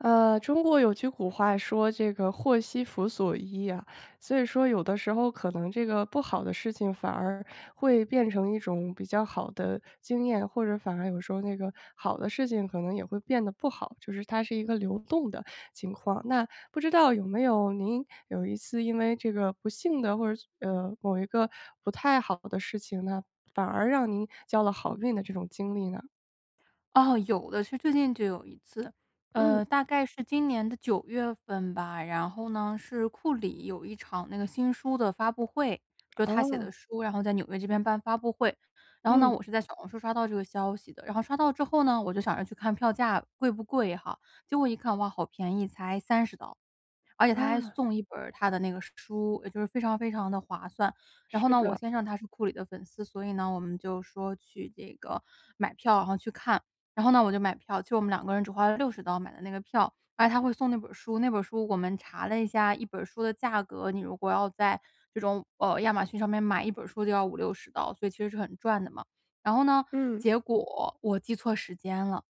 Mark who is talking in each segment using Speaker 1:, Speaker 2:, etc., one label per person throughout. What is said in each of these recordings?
Speaker 1: 呃，中国有句古话说这个“祸兮福所依”呀，所以说有的时候可能这个不好的事情反而会变成一种比较好的经验，或者反而有时候那个好的事情可能也会变得不好。就是它是一个流动的情况，那不知道有没有您有一次因为这个不幸的或者，呃，某一个不太好的事情呢，反而让您交了好运的这种经历呢？
Speaker 2: 哦，有的。是最近就有一次，
Speaker 1: 嗯。
Speaker 2: 呃，大概是今年的九月份吧，然后呢，是库里有一场那个新书的发布会，就他写的
Speaker 1: 哦。
Speaker 2: 书，然后在纽约这边办发布会。然后呢，
Speaker 1: 嗯。
Speaker 2: 我是在小红书刷到这个消息的。然后刷到之后呢，我就想着去看票价贵不贵哈。结果一看，哇，好便宜才30刀。而且他还
Speaker 1: 啊。
Speaker 2: 送1本儿他的那个书，呃，就是非常非常的划算。然后
Speaker 1: 是
Speaker 2: 呢，我
Speaker 1: 的。
Speaker 2: 先生他是库里的粉丝。所以呢，我们就说去这个买票，然后去看。然后呢，我就买票，就我们两个人只花了60刀买的那个票，而且他会送那本儿书。那本儿书我们查了一下，一本儿书的价格你如果要在这种呃，亚马逊上面买，一本儿书就要50-60刀，所以其实是很赚的嘛。然后呢，
Speaker 1: 嗯。
Speaker 2: 结果我记错时间了。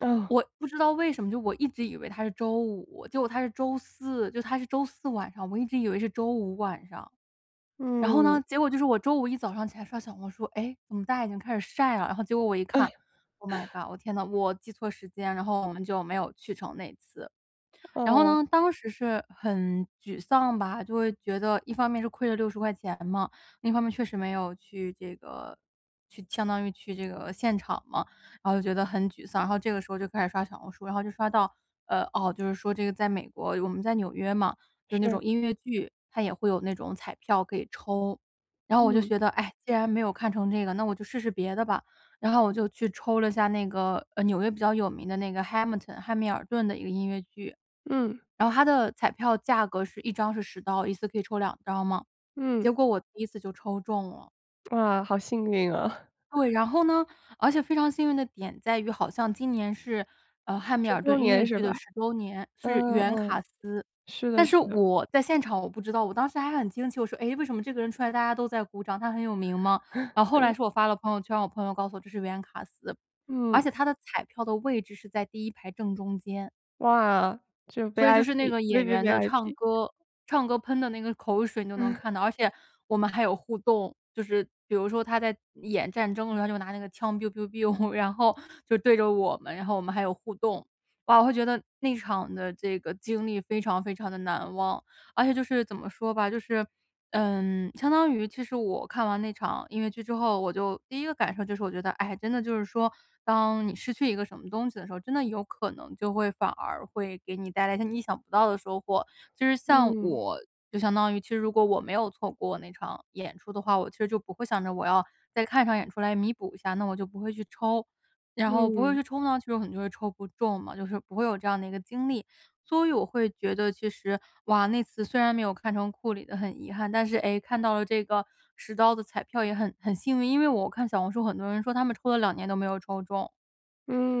Speaker 1: 嗯。
Speaker 2: 我不知道为什么，就我一直以为它是周五，结果它是周四，就它是周四晚上，我一直以为是周五晚上。然后
Speaker 1: 嗯。
Speaker 2: 呢，结果就是我周五一早上起来刷小红书，诶，怎么大家已经开始晒了。然后结果我一
Speaker 1: 唉。
Speaker 2: 看，oh my god，我天哪，我记错时间，然后我们就没有去成那次。然后
Speaker 1: 哦。
Speaker 2: 呢，当时是很沮丧吧。就会觉得一方面是亏了60块钱嘛，另一方面确实没有去这个去相当于去这个现场嘛，然后就觉得很沮丧。然后这个时候就开始刷小红书，然后就刷到呃哦，就是说这个在美国我们在纽约嘛，就那
Speaker 1: 是。
Speaker 2: 种音乐剧，它也会有那种彩票可以抽。然后我就
Speaker 1: 嗯。
Speaker 2: 觉得，唉，既然没有看成这个，那我就试试别的吧。然后我就去抽了一下那个，呃，纽约比较有名的那个 Hamilton 汉密尔顿的一个音乐剧。
Speaker 1: 嗯。
Speaker 2: 然后它的彩票价格是一张是10刀，一次可以抽2张嘛，
Speaker 1: 嗯。
Speaker 2: 结果我第一次就抽中了。
Speaker 1: 哇！好幸运啊！
Speaker 2: 对，然后呢，而且非常幸运的点在于好像今年是，呃，汉密
Speaker 1: 10
Speaker 2: 尔
Speaker 1: 周
Speaker 2: 顿音乐
Speaker 1: 年是
Speaker 2: 剧
Speaker 1: 吧？
Speaker 2: 的10周年，是
Speaker 1: 嗯
Speaker 2: 原
Speaker 1: 嗯嗯，
Speaker 2: 卡司。
Speaker 1: 是的
Speaker 2: 但是
Speaker 1: 是的。
Speaker 2: 我在现场我不知道，我当时还很惊奇，我说：“诶，为什么这个人出来大家都在鼓掌，他很有名吗？”呃，后来
Speaker 1: 嗯。
Speaker 2: 是我发了朋友圈，我朋友告诉我这是原卡司。而
Speaker 1: 嗯。
Speaker 2: 且它的彩票的位置是在第1排正中间。
Speaker 1: 哇，就
Speaker 2: 所以就是那个演员的唱
Speaker 1: VIP，VVVIP。
Speaker 2: 歌唱歌喷的那个口水你都能看 到，而且我们还有互动。就是比如说他在演战争，然后他就拿那个枪 biubiubiu，然后就对着我们，然后我们还有互动。哇，我会觉得那场的这个经历非常非常地难忘。而且就是怎么说吧，就是，嗯，相当于其实我看完那场音乐剧之后，我就第一个感受就是我觉得，哎，真的就是说，当你失去一个什么东西的时候，真的有可能就会反而会给你带来一些你意想不到的收获。就是像
Speaker 1: 嗯。
Speaker 2: 我，就相当于其实如果我没有错过那场演出的话，我其实就不会想着我要再看一场演出来弥补一下，那我就不会去抽。然后不会
Speaker 1: 嗯。
Speaker 2: 去抽呢，就有可能就会抽不中嘛，就是不会有这样的一个经历。所以我会觉得其实，哇，那次虽然没有看成库里的很遗憾，但是，诶，看到了这个10刀的彩票也很很幸运。因为我看小红书很多人说他们抽了2年都没有抽中，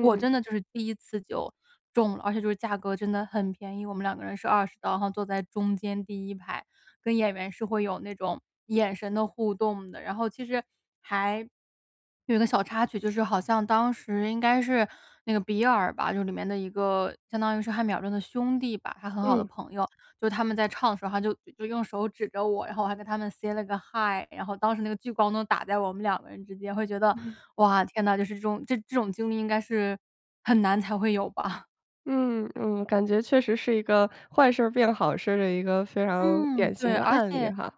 Speaker 2: 我真的就是第一次就中了，而且就是价格真的很便宜。我们两个人是20刀，然后坐在中间第1排，跟演员是会有那种眼神的互动的。然后其实还有个小插曲，就是好像当时应该是那个比尔吧，就里面的一个相当于是汉密尔顿的兄弟吧，他很好的
Speaker 1: 嗯。
Speaker 2: 朋友。就他们在唱的时候他就就用手指着我，然后我还跟他们 say 了个 hi。然后当时那个聚光灯打在我们两个人之间，会觉得：
Speaker 1: 嗯。
Speaker 2: “哇，天哪，就是这种这这种经历应该是很难才会有吧！”
Speaker 1: 嗯嗯，感觉确实是一个坏事儿变好事儿的一个非常
Speaker 2: 嗯，
Speaker 1: 典型
Speaker 2: 对。
Speaker 1: 的
Speaker 2: 而
Speaker 1: 案例
Speaker 2: 且
Speaker 1: 哈。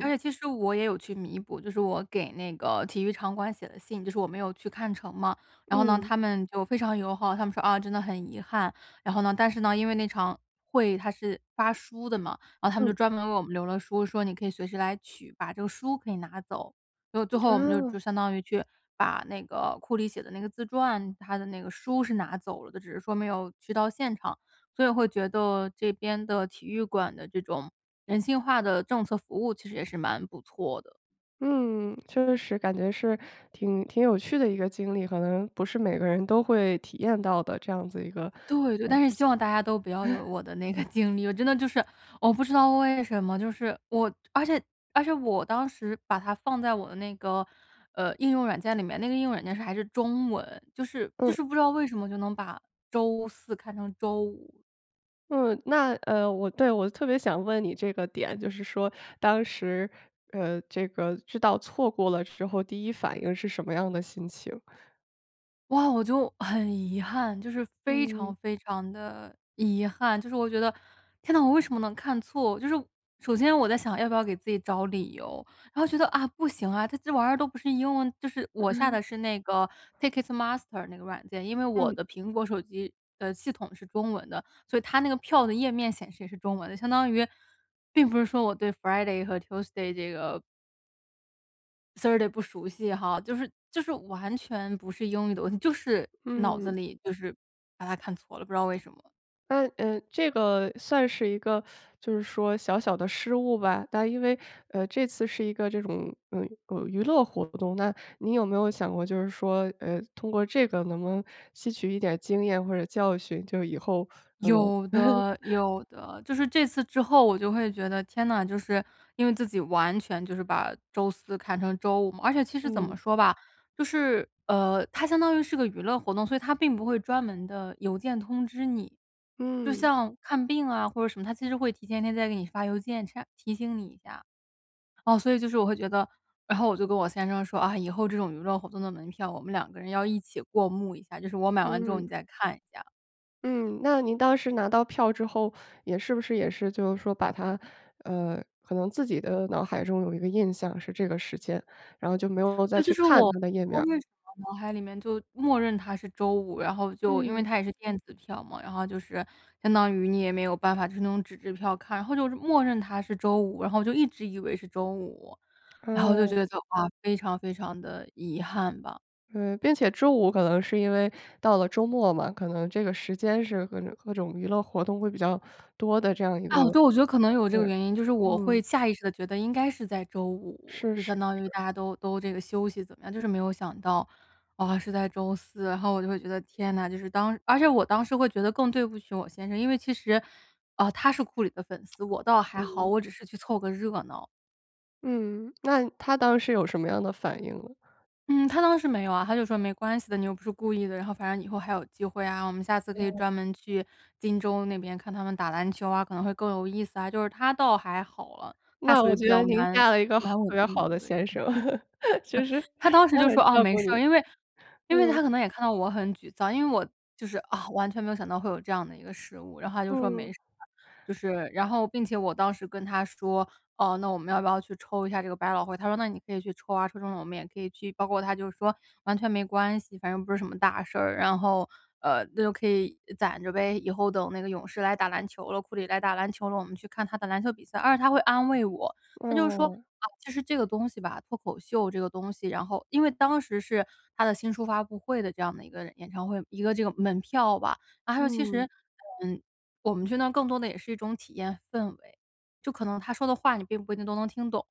Speaker 2: 而且其实我也有去弥补，就是我给那个体育场馆写的信，就是我没有去看成嘛，然后呢，
Speaker 1: 嗯。
Speaker 2: 他们就非常友好，他们说：“啊，真的很遗憾。”然后呢但是呢，因为那场会它是发书的嘛，然后他们就
Speaker 1: 嗯。
Speaker 2: 专门为我们留了书，说：“你可以随时来取。”把这个书可以拿走，所以最后我们就
Speaker 1: 哦。
Speaker 2: 就相当于去把那个库里写的那个自传，他的那个书是拿走了的，只是说没有去到现场，所以会觉得这边的体育馆的这种人性化的政策服务其实也是蛮不错的。
Speaker 1: 嗯，确实感觉是挺挺有趣的一个经历，可能不是每个人都会体验到的这样子一个，
Speaker 2: 对对，
Speaker 1: 呃，
Speaker 2: 但是
Speaker 1: 事情。
Speaker 2: 希望大家都不要有 我的那个经历，我真的就是我不知道为什么，就是我而且而且我当时把它放在我的那个，呃，应用软件里面，那个应用软件还是中文，就是就
Speaker 1: 嗯。
Speaker 2: 是不知道为什么就能把周四看成周五。
Speaker 1: 嗯。那呃我对，我特别想问你这个点。就是说，当时，呃，这个，知道错过了之后，第一反应是什么样的心情。
Speaker 2: 哇，我就很遗憾，就是非
Speaker 1: 嗯。
Speaker 2: 常非常地遗憾。就是我觉得：“天呐！我为什么能看错”。就是首先我在想要不要给自己找理由。然后觉得：“啊！不行啊！”这这玩意儿都不是英文就是我下的 是那个 Ticketmaster 那个软件。因为我
Speaker 1: 嗯。
Speaker 2: 的苹果手机的系统是中文的，所以它那个票的页面显示也是中文的。相当于并不是说我对 Friday 和 Tuesday 这个 Thursday 不熟悉哈。就是就是完全不是英语的问题，就是脑子
Speaker 1: 嗯。
Speaker 2: 里就是把它看错了，不知道为什么。
Speaker 1: 诶呃，这个算是一个 就是说小小的失误吧。但因为，呃，这次是一个这种，呃，呃，娱乐活动。那你有没有想过就是说，呃，通过这个能不能吸取一点经验或者教训，就以后可能
Speaker 2: 有的 有的。就是这次之后我就会觉得天呐，就是因为自己完全就是把周四看成周五嘛。而且其实怎么
Speaker 1: 嗯。
Speaker 2: 说吧，就是呃，它相当于是个娱乐活动，所以它并不会专门地邮件通知你。就
Speaker 1: 嗯。
Speaker 2: 像看病啊或者什么，它其实会提前一天再给你发邮件 Che 提醒你一下。哦，所以就是我会觉得然后我就跟我先生说：“啊！以后这种娱乐活动的门票我们两个人要一起过目一下，就是我买完之后你
Speaker 1: 嗯。
Speaker 2: 再看一下。”
Speaker 1: 嗯，那您当时拿到票之后，也是不是也是就是说把它，呃，可能自己的脑海中有一个印象是这个时间，然后就没有再
Speaker 2: 对，就
Speaker 1: 去
Speaker 2: 是
Speaker 1: 看
Speaker 2: 我不
Speaker 1: 它的页
Speaker 2: 知道
Speaker 1: 面儿？
Speaker 2: 为什么脑海里面就默认它是周五，然后就因为
Speaker 1: 嗯。
Speaker 2: 它也是电子票嘛，然后就是相当于你也没有办法就是那种纸质票看。然后就就默认它是周五，然后就一直以为是周五。然后就觉
Speaker 1: 哦。
Speaker 2: 得，哇，非常非常地遗憾吧。
Speaker 1: 对，并且周五可能是因为到了周末嘛，可能这个时间是各种各种娱乐活动会比较 多的这样一个
Speaker 2: 啊，对，我觉得
Speaker 1: 嗯，
Speaker 2: 可能有这个原因，就是我会
Speaker 1: 嗯。
Speaker 2: 下意识的觉得应该是在周五，
Speaker 1: 是
Speaker 2: 就相
Speaker 1: 是
Speaker 2: 当于
Speaker 1: 是。
Speaker 2: 大家都都这个休息怎么样，就是没有想到，啊，是在周四。然后我就会觉得，天哪，就是当而且我当时会觉得更对不起我先生。因为其实，啊，他是库里的粉丝，我倒还好，
Speaker 1: 嗯。
Speaker 2: 我只是去凑个热闹。
Speaker 1: 嗯，那他当时有什么样的反应呢？
Speaker 2: 嗯，他当时没有啊，他就说：“没关系的，你又不是故意的，然后反正以后还有机会啊，我们下次可以
Speaker 1: 嗯。
Speaker 2: 专门去金州那边看他们打篮球啊，可能会更有意思啊。”就是他倒还好了，他
Speaker 1: 那
Speaker 2: 属于
Speaker 1: 我
Speaker 2: 比
Speaker 1: 觉
Speaker 2: 较
Speaker 1: 得您
Speaker 2: 蛮
Speaker 1: 嫁了一个好
Speaker 2: 蛮稳
Speaker 1: 特别
Speaker 2: 定的
Speaker 1: 好
Speaker 2: 一
Speaker 1: 的
Speaker 2: 个人。
Speaker 1: 先
Speaker 2: 嗯。
Speaker 1: 生，就是
Speaker 2: 嗯，他当时
Speaker 1: 他
Speaker 2: 就说
Speaker 1: 很
Speaker 2: 哦
Speaker 1: 照
Speaker 2: 没
Speaker 1: 顾
Speaker 2: 事
Speaker 1: 你。
Speaker 2: 儿，因为因为
Speaker 1: 嗯。
Speaker 2: 他可能也看到我很沮丧，因为我，就是，啊，完全没有想到会有这样的一个失误，然后他就说没
Speaker 1: 嗯。
Speaker 2: 事，就是，然后并且我当时跟他说：“哦，那我们要不要去抽一下这个百老汇？”他说：“那你可以去抽啊，抽中了我们也可以去。”包括他就说：“完全没关系，反正不是什么大事儿，然后，呃，就可以攒着呗。以后等那个勇士来打篮球了，库里来打篮球了，我们去看他的篮球比赛。”而且他会安慰我。他就说：
Speaker 1: 哦。
Speaker 2: “啊，就是这个东西吧，脱口秀这个东西，然后”因为当时是他的新书发布会的这样的一个演唱会一个这个门票吧，然后其实，
Speaker 1: 嗯。
Speaker 2: 嗯，我们去那更多的也是一种体验氛围。就可能他说的话你并不一定都能听懂，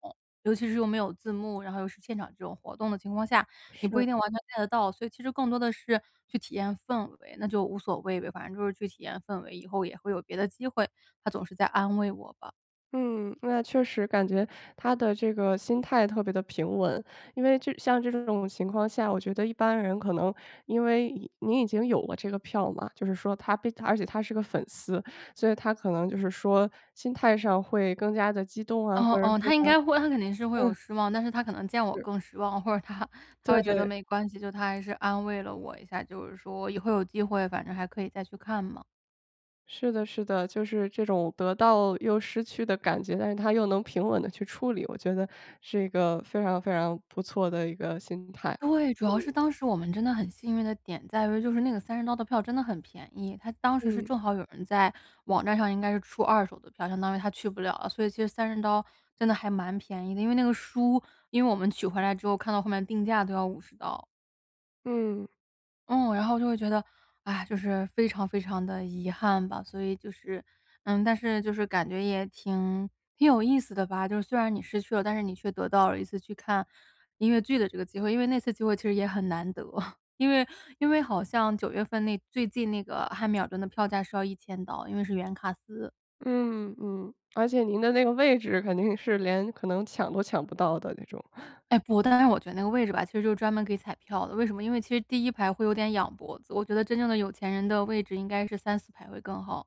Speaker 2: 尤其是又没有字幕，然后又是现场这种活动的情况下，你不一
Speaker 1: 是。
Speaker 2: 定完全看得到。所以其实更多的是去体验氛围，那就无所谓呗，反正就是去体验氛围，以后也会有别的机会，他总是在安慰我吧。
Speaker 1: 嗯，那确实，感觉他的这个心态特别的平稳，因为就像这种情况下，我觉得一般人可能因为你你已经有了这个票嘛，就是说他被而且他是个粉丝，所以他可能就是说心态上会更加地激动啊，
Speaker 2: 哦，
Speaker 1: 或者是
Speaker 2: 哦，他应
Speaker 1: 他
Speaker 2: 该会他肯定是会有
Speaker 1: 嗯。
Speaker 2: 失望，但是他可能见我
Speaker 1: 是。
Speaker 2: 更失望，或者他他会觉得
Speaker 1: 对。
Speaker 2: 没关系，就他还是安慰了我一下，就是说以后有机会反正还可以再去看嘛。
Speaker 1: 是的，是的，就是这种得到又失去的感觉，但是他又能平稳地去处理，我觉得是一个非常非常不错的一个心态，
Speaker 2: 对，主要是
Speaker 1: 嗯。
Speaker 2: 当时我们真的很幸运的点在于就是那个30刀的票真的很便宜，它当时是
Speaker 1: 嗯。
Speaker 2: 正好有人在网站上应该是出二手的票，相当于他去不了了，所以其实这30刀真的还蛮便宜。因为那个书因为我们取回来之后，看到后面定价都要50刀。
Speaker 1: 嗯。
Speaker 2: 嗯，然后就会觉得唉，就是非常非常地遗憾吧。所以就是嗯，但是就是感觉也挺挺有意思的吧，就是虽然你失去了，但是你却得到了一次去看音乐剧的这个机会。因为那次机会其实也很难得。因为因为好像九月份那最近那个汉密尔顿的票价是要1000刀，因为是原卡司。
Speaker 1: 嗯嗯。而且您的那个位置肯定是连可能抢都抢不到的那种。
Speaker 2: 哎不，但是我觉得那个位置吧，其实就是专门给彩票的。为什么，因为其实第1排会有点仰脖子，我觉得真正的有钱人的位置应该3-4排会更好。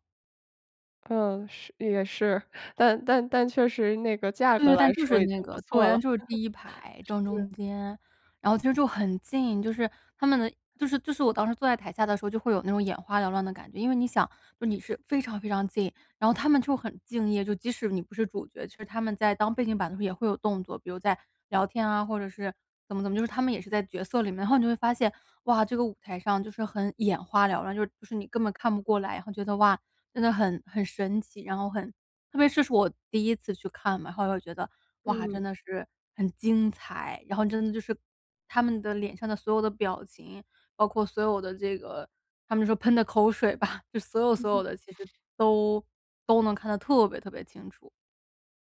Speaker 1: 嗯，是也是，但但但确实那个价
Speaker 2: 对
Speaker 1: 格
Speaker 2: 对，但
Speaker 1: 来
Speaker 2: 就是
Speaker 1: 说已
Speaker 2: 那
Speaker 1: 经不
Speaker 2: 个
Speaker 1: 错
Speaker 2: 对，
Speaker 1: 了。
Speaker 2: 就是 第1排正
Speaker 1: 是。
Speaker 2: 中间。然后其实就很近，就是他们的就是就是我当时坐在台下的时候就会有那种眼花缭乱的感觉。因为你想说你是非常非常近，然后他们就很敬业，就即使你不是主角，其实他们在当背景板也会有动作，比如在聊天啊，或者是怎么怎么，就是他们也是在角色里面。然后你就会发现，哇，这个舞台上，就是很眼花缭乱，就是就是你根本看不过来。然后觉得“哇！真得很很神奇，然后很”特别这是我第一次去看嘛，然后又会觉得“哇！真
Speaker 1: 嗯。
Speaker 2: 得是很精彩”。然后真的就是他们的脸上的所有的表情，包括所有的这个，他们说喷的口水吧，就所有
Speaker 1: 嗯
Speaker 2: 所有
Speaker 1: 哼。
Speaker 2: 的其实都都能看得特别特别清楚。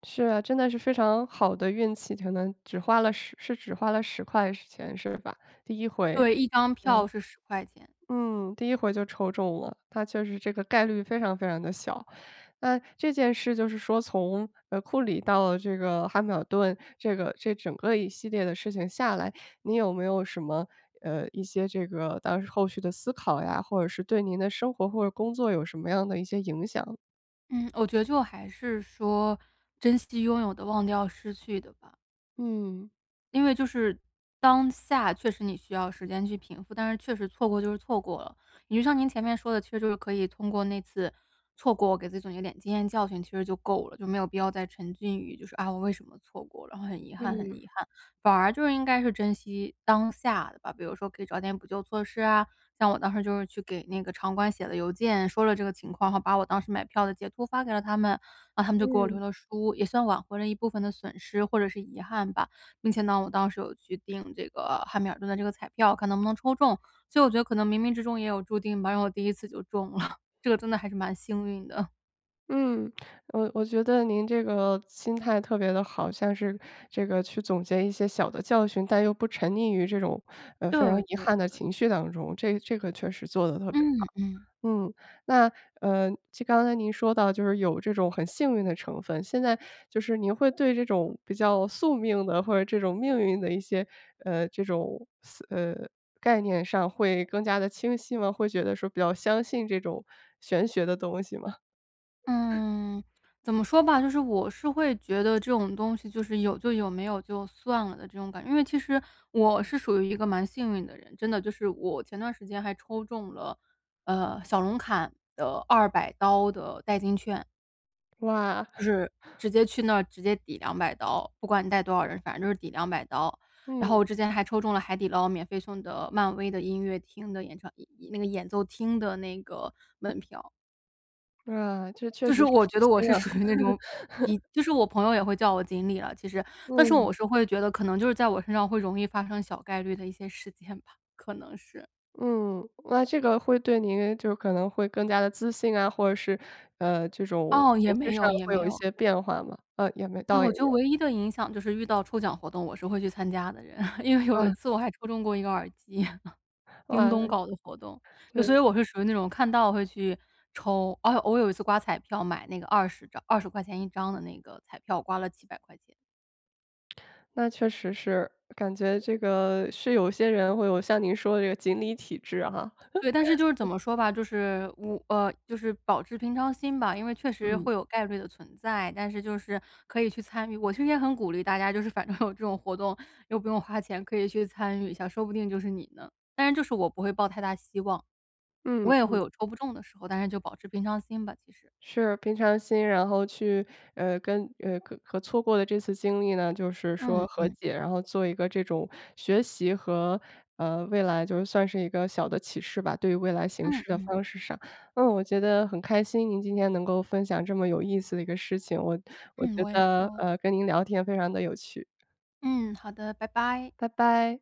Speaker 1: 是啊，真的是非常好的运气，可能只花了10是只花了10块钱是吧？第一回。
Speaker 2: 对，一张
Speaker 1: 嗯。
Speaker 2: 票是10块钱。
Speaker 1: 嗯，第一回就抽中了，那确实这个概率非常非常地小。那这件事就是说从，呃，库里到这个汉密尔顿，这个这整个一系列的事情下来，你有没有什么，呃，一些这个当时后续的思考呀，或者是对您的生活或者工作有什么样的一些影响？
Speaker 2: 嗯，我觉得就还是说珍惜拥有的，忘掉失去的吧。
Speaker 1: 嗯。
Speaker 2: 因为就是当下确实你需要时间去平复，但是确实错过就是错过了，也就像您前面说的，其实就是可以通过那次错过，给自己总结一点经验教训，其实就够了。就没有必要再沉浸于就是，啊，我为什么错过了，然后很遗憾很
Speaker 1: 嗯。
Speaker 2: 遗憾，反而就是应该是珍惜当下的吧。比如说可以找点补救措施啊，像我当时就是去给那个场馆写了邮件，说了这个情况，然后把我当时买票的截图发给了他们，然后他们就给我留
Speaker 1: 嗯。
Speaker 2: 了书，也算挽回了一部分的损失或者是遗憾吧。并且呢，我当时有去定这个汉密尔顿的这个彩票，看能不能抽中。所以我觉得可能冥冥之中也有注定吧，然后我第一次就中了，这个真的还是蛮幸运的。
Speaker 1: 嗯，我我觉得您这个心态特别地好。像是这个去总结一些小的教训，但又不沉溺于这种呃，非常
Speaker 2: 对，
Speaker 1: 遗
Speaker 2: 对，
Speaker 1: 憾的
Speaker 2: 对。
Speaker 1: 情绪当中。这这个确实做得特别
Speaker 2: 嗯，
Speaker 1: 好。
Speaker 2: 嗯。
Speaker 1: 嗯，那呃，就刚才您说到，就是有这种很幸运的成分。现在就是您会对这种比较宿命的或者这种命运的一些呃，这种似呃，概念上会更加地清晰吗？会觉得说比较相信这种玄学的东西吗？
Speaker 2: 嗯，怎么说吧，就是我是会觉得这种东西就是有就有，没有就算了的这种感觉。因为其实我是属于一个蛮幸运的人，真的，就是我前段时间还抽中了，呃，小龙坎的200刀的代金券。
Speaker 1: 哇。
Speaker 2: 就是 直接去那儿，直接抵200刀不管你带多少人，反正就是抵200刀。然后
Speaker 1: 嗯。
Speaker 2: 我之前还抽中了海底捞免费送的漫威的音乐厅的演唱演演那个演奏厅的那个门票。
Speaker 1: 哇，这确
Speaker 2: 就
Speaker 1: 实
Speaker 2: 是
Speaker 1: 是
Speaker 2: 我觉
Speaker 1: 福
Speaker 2: 得我
Speaker 1: 星
Speaker 2: 是
Speaker 1: 啊。
Speaker 2: 属于那种比 就是我朋友也会叫我锦鲤了其实。但是
Speaker 1: 嗯。
Speaker 2: 我是会觉得可能就是在我身上会容易发生小概率的一些事件吧，可能是。
Speaker 1: 嗯，那这个会对您就可能会更加得自信啊，或者是，呃，这种
Speaker 2: 哦，也
Speaker 1: 情绪
Speaker 2: 没
Speaker 1: 上
Speaker 2: 有也
Speaker 1: 会
Speaker 2: 没
Speaker 1: 有一
Speaker 2: 有。
Speaker 1: 些变化吗？呃，也没
Speaker 2: 啊，
Speaker 1: 倒
Speaker 2: 我
Speaker 1: 也。
Speaker 2: 觉得唯一的影响就是遇到抽奖活动，我是会去参加的人。因为有一
Speaker 1: 嗯。
Speaker 2: 次我还抽中过一个耳机，京
Speaker 1: 哇，
Speaker 2: 东搞的活动。就所
Speaker 1: 对。
Speaker 2: 以我是属于那种看到会去抽。啊，我有一次刮彩票，买那个20张20块钱一张的那个彩票，刮了几百块钱。
Speaker 1: 那确实是，感觉这个是有些人会有像您说的这个锦鲤体质啊哈。
Speaker 2: 对，但是就是怎 么说吧，就是我呃，就是保持平常心吧，因为确实
Speaker 1: 嗯。
Speaker 2: 会有概率的存在，但是就是可以去参与。我其实也很鼓励大家就是反正有这种活动，又不用花钱，可以去参与一下，说不定就是你呢。但是就是我不会抱太大希望。我
Speaker 1: 嗯，
Speaker 2: 也会
Speaker 1: 嗯。
Speaker 2: 有抽不中的时候，但是就保持平常心吧，其实。
Speaker 1: 是，平常心，然后去，呃，跟呃，和和错过的这次经历呢，就是说
Speaker 2: 嗯，
Speaker 1: 和
Speaker 2: 嗯。
Speaker 1: 解，然后做一个这种学习和呃，未来就算是一个小的启示吧，对于未来行
Speaker 2: 嗯，
Speaker 1: 事的
Speaker 2: 嗯。
Speaker 1: 方式上。嗯，我觉得很开心您今天能够分享这么有意思的一个事情，我我
Speaker 2: 嗯，
Speaker 1: 觉
Speaker 2: 我也是
Speaker 1: 得，
Speaker 2: 哦。
Speaker 1: 呃，跟您聊天非常得有趣。
Speaker 2: 嗯，好的，拜拜。
Speaker 1: 拜拜。